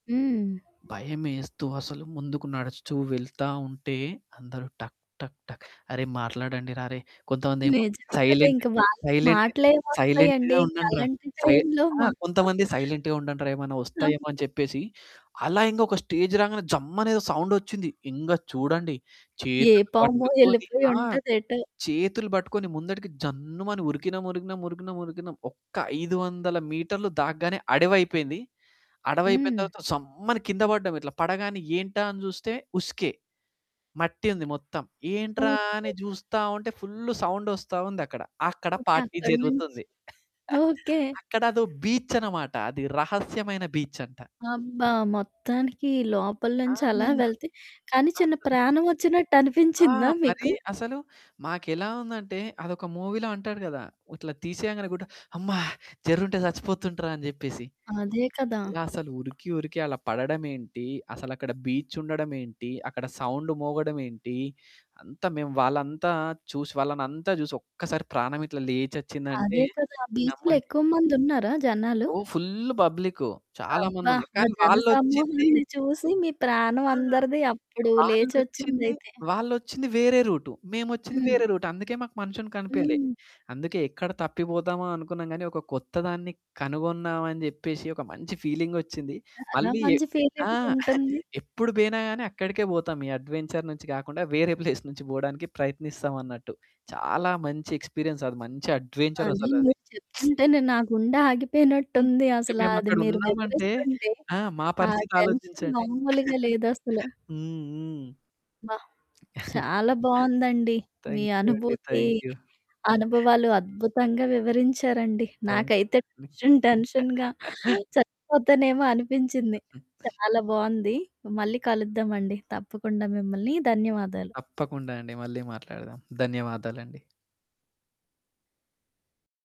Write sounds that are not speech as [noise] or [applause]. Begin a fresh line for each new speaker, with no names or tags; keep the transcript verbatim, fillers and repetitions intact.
హ్మ్.
భయమేస్తూ అసలు ముందుకు నడుస్తూ వెళ్తా ఉంటే, అందరూ టక్, టక్, టక్ అరే, మాట్లాడండి రా అరేయ్! కొంతమందేమో
నిజమే కదా! ఇంక
సైలెంటు
వాళ్ళకి
సైలెంటు
మాటలేమి
సైలెంట్‌గా
వస్తాయండి? ఇంక
ఉండండ్రా.
అలాంటి
సై
టైం‌లో
ఆ!
మా
కొంతమంది
[chuckles]
సైలెంట్‌గా ఉండండ్రా. ఏమన్న
కావు
వస్తాయేమో! అని చెప్పేసి అలా ఇంక ఒక స్టేజ్ రాగానే జమ్ అనే ఏదో సౌండొచ్చింది. ఇంగ చూడండి
ఏ
చేతులు
పామో
పట్టుకొని ఆ!
ఎళ్ళిపోయుంటదేటో.
చేతులు పట్టుకొని ముందటికి జన్నుమని ఉరికినాం, ఉరికినాం, ఉరికినాం, ఉరికినాం. ఒక్క ఐదు వందల మీటర్లు దాగ్గానే అడవైపోయింది. అడవి అయిపోయిన
హ్మ్.
తర్వాత సమ్మని కింద పడ్డాం. ఇట్లా పడగానే ఏంటా అని చూస్తే ఉస్కే. మట్టి ఉంది మొత్తం. ఏంట్రా
ఓకే.
అని జూస్తా ఉంటే ఫుల్లు సౌండ్ ఒస్తా ఉందక్కడ. అక్కడ
ఓకే.
పార్టీ
అక్కడి నుంచి
జరుగుతుంది. [chuckles]
ఓకే.
అక్కడ అదో బీచ్చన్నమాట. అది రహస్యమైన బీచ్ అంట.
అబ్బా! మొత్తానికి లోపల
ఆ!
నుంచి అలా వెళ్తే కానీ, చిన్న
అస్సలు
ప్రాణం ఒచ్చినట్టు
ఆ!
అనిపించిందా
మరీ
మీకు?
అసలు మాకెలా ఉందంటే అదొక మూవీ‌లో అంటాడు కదా! ఇట్లా తీసేయంగానే గుడ్డ అమ్మా జర్రుంటే చచ్చిపోతుండ్రా అని చెప్పేసి.
అదే కదా!
అసలు ఉరికి, ఉరికి అలా పడడమేంటి, అసలు అక్కడ బీచ్ ఉండడం ఏంటి, అక్కడ సౌండ్ మోగడం ఏంటి? అంతా మేము వాళ్ళంతా చూసి వాళ్ళనంతా చూసి ఒక్కసారి ప్రాణం ఇట్లా లేచొచ్చిందంటే
అదే కదా! బీచ్‌లో
నమ్మండి.
ఎక్కువ మందున్నారా జనాలు?
ఓ ఫుల్లు పబ్లిక్కు. చాలా
అబ్బా!
మందున్నారు.
ఆ
కానీ,
జన
వాళ్ళొచ్చింది
సమూహాన్ని చూసి మీ ప్రాణం
ఆ!
అందరిది అప్పుడు
వాళ్ళొచ్చింది,
లేచొచ్చిందైతే.
వాళ్ళొచ్చింది వేరే రూటు, మేమొచ్చింది
హ్మ్.
వేరే రూటు. అందుకే మాకు మనుషులు కనిపియలే.
హ్మ్.
అందుకే ఎక్కడ తప్పిపోదామా అనుకున్నాం గాని, ఒక కొత్త దాన్ని కనుగొన్నామని అని జెప్పేసి ఒక మంచి ఫీలింగొచ్చింది.
చాలా
మళ్ళీ ఎ
మంచి
ఆ!
ఫీలింగ్
[chuckles]
ఉంటుంది.
ఎప్పుడు పోయినా గాని, అక్కడికే పోతాం. ఈ అడ్వెంచర్ నుంచి కాకుండా వేరే ప్లేస్ నుంచి పోవడానికి ప్రయత్నిస్తాం అన్నట్టు. చాలా మంచి ఎక్స్రిపీయన్స్. అది మంచి అడ్వెంచర్
అదే.
అసలది.
మీరు
[smacks lips]
చెప్తుంటేనే నా గుండె
హ్మ్.
ఆగిపోయినట్టుంది.
ఇంక
అసలా
మేము
అది
అక్కడ
మీరు
ఉన్నామంటే
వివరిస్తుంటే.
ఆ! మా
ఆ
పరిస్థితి
టెన్షన్
ఆలోచించండి.
మామూలుగా
[chuckles]
లేదసలు.
హ్మ్, హ్మ్.
బ్బా!
[chuckles]
చాలా బావుందండి. మీ
థ్యాంక్యూ అండి.
అనుభూతి,
థ్యాంక్యూ.
అనుభవాలు అద్భుతంగా వివరించారండి. నాకైతే
థ్యాంక్యూ అండి.
టెన్షన్, టెన్షన్‌గా
[chuckles]
చచ్చిపోతానేమో! అనిపించింది.
హుహు.
చాలా బావుంది. మళ్ళీ కలుద్దామండి తప్పకుండా మిమ్మలని. ధన్యవాదాలు.
తప్పకుండా అండి. మళ్ళీ మాట్లాడదాం. ధన్యవాదాలండి.